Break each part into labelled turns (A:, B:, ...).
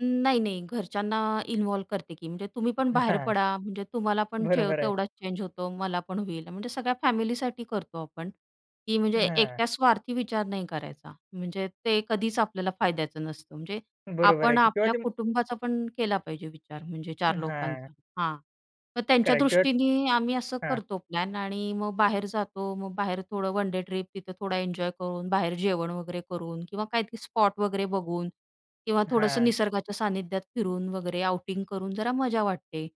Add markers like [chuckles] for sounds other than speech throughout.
A: न नाही, नाही. घरच्यांना इन्व्हॉल्व करते, की म्हणजे तुम्ही पण
B: [chuckles]
A: बाहेर
B: हां,
A: पडा, म्हणजे तुम्हाला पण जे
B: बरोबर आहे.
A: तेवढाच चेंज होतो मला पण होईल. म्हणजे सगळ्या फॅमिलीसाठी करतो आपण, की म्हणजे
B: हां.
A: एकट्या स्वार्थी विचार नाही करायचा. म्हणजे ते कधीच आपल्याला फायद्याचं नसतं. म्हणजे
B: बरोबर आहे
A: आपण
B: की. तेव्हा
A: आपल्या
B: तुम
A: कुटुंबाचा पण केला पाहिजे विचार म्हणजे
B: अ,
A: 4
B: हां.
A: लोकांचा. हां, तर त्यांच्या
B: [unintelligible]
A: दृष्टीने आम्ही असं
B: हां.
A: करतो प्लॅन आणि अ, मग बाहेर जातो. मग बाहेर थोडं वन डे ट्रिप, तिथं थोडा एन्जॉय करून, बाहेर जेवण वगैरे करून किंवा काय ते स्पॉट वगैरे बघून किंवा थोडंसं
B: हां.
A: निसर्गाच्या सानिध्यात फिरून वगैरे आउटिंग करून जरा मजा वाटते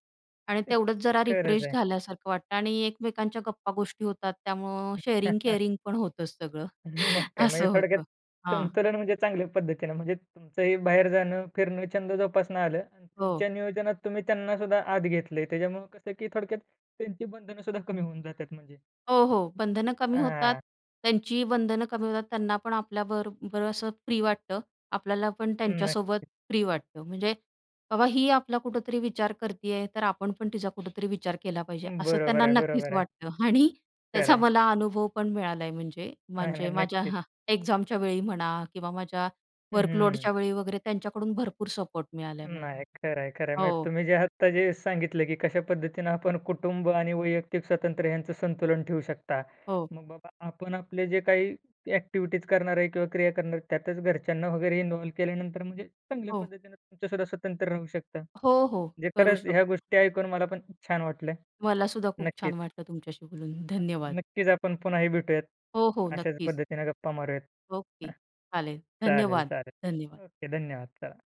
A: आणि
B: [unintelligible]
A: तेवढंच जरा
B: खरंच
A: रिफ्रेश
B: आहे.
A: झाल्यासारखं वाटतं आणि एकमेकांच्या गप्पा गोष्टी होतात, त्यामुळं
B: [chuckles]
A: शेअरिंग-केअरिंग पण होतं सगळं
B: [chuckles] मग
A: [scoffs]
B: काय म्हणजे
A: असं
B: थोडक्यात
A: होतं. हां.
B: संतुलन म्हणजे चांगल्या पद्धतीने म्हणजे तुमचंही बाहेर जाणं, फिरणं, छंद जोपासणं आलं आणि
A: हो.
B: तुमच्या नियोजनात तुम्ही त्यांनासुद्धा आत घेतलय. त्याच्यामुळे कसं, की थोडक्यात त्यांची बंधनंसुद्धा कमी होऊन जातात म्हणजे.
A: हो, हो. बंधनं कमी होतात,
B: हां.
A: त्यांचीही बंधनं कमी होतात. त्यांना पण आपल्याबरोबर असं फ्री वाटतं. आपल्याला पण त्यांच्यासोबत
B: नक्कीच.
A: फ्री वाटतं, म्हणजे बाबा ही आपला कुठेतरी विचार करती आहे, तर आपण पण तिचा कुठेतरी विचार केला पाहिजे असं
B: बरोबर
A: त्यांना
B: आहे,
A: नक्कीच
B: बरोबर आहे.
A: वाटतं आणि
B: खरं
A: त्याचा
B: आहे?
A: मला अनुभव पण मिळाला आहे म्हणजे
B: नाही, नाही,
A: म्हणजे माझ्या
B: नक्कीच.
A: एक्झामच्यावेळी म्हणा किंवा माझ्या
B: हं, हं.
A: वर्कलोडच्या वेळी वगैरे, त्यांच्याकडून भरपूर सपोर्ट मिळाला आहे मला.
B: नाही, खरंय ,खरंय म्हणजे,
A: हो.
B: तुम्ही जे आत्ता जे सांगितलं, की कशा पद्धतीने आपण कुटुंब आणि वैयक्तिक स्वतंत्र ह्यांचं संतुलन ठेवू शकता.
A: हो.
B: मग बाबा आपण आपले जे काही ॲक्टिव्हिटीज् करणार आहे किंवा क्रिया करणार, त्यातच घरच्यांना वगैरे इन्व्हॉल्व केल्यानंतर म्हणजे चांगल्या
A: हो.
B: पद्धतीने तुमचंसुद्धा स्वतंत्र राहू शकता.
A: हो, हो.
B: म्हणजे
A: करू
B: खरंच ह्या
A: शकतो.
B: गोष्टी ऐकून मला पण छान वाटलं.
A: मलासुद्धा खूप
B: नक्कीच.
A: छान वाटलं तुमच्याशी बोलून. धन्यवाद.
B: नक्कीच, आपण पुन्हाही भेटूयात.
A: हो, हो.
B: अशाच
A: नक्कीच.
B: पद्धतीने गप्पा मारूयात. अ,
A: ओके. चालेल.
B: चालेल,
A: धन्यवाद. धन्यवाद.
B: चालेल. ओके, धन्यवाद. चला.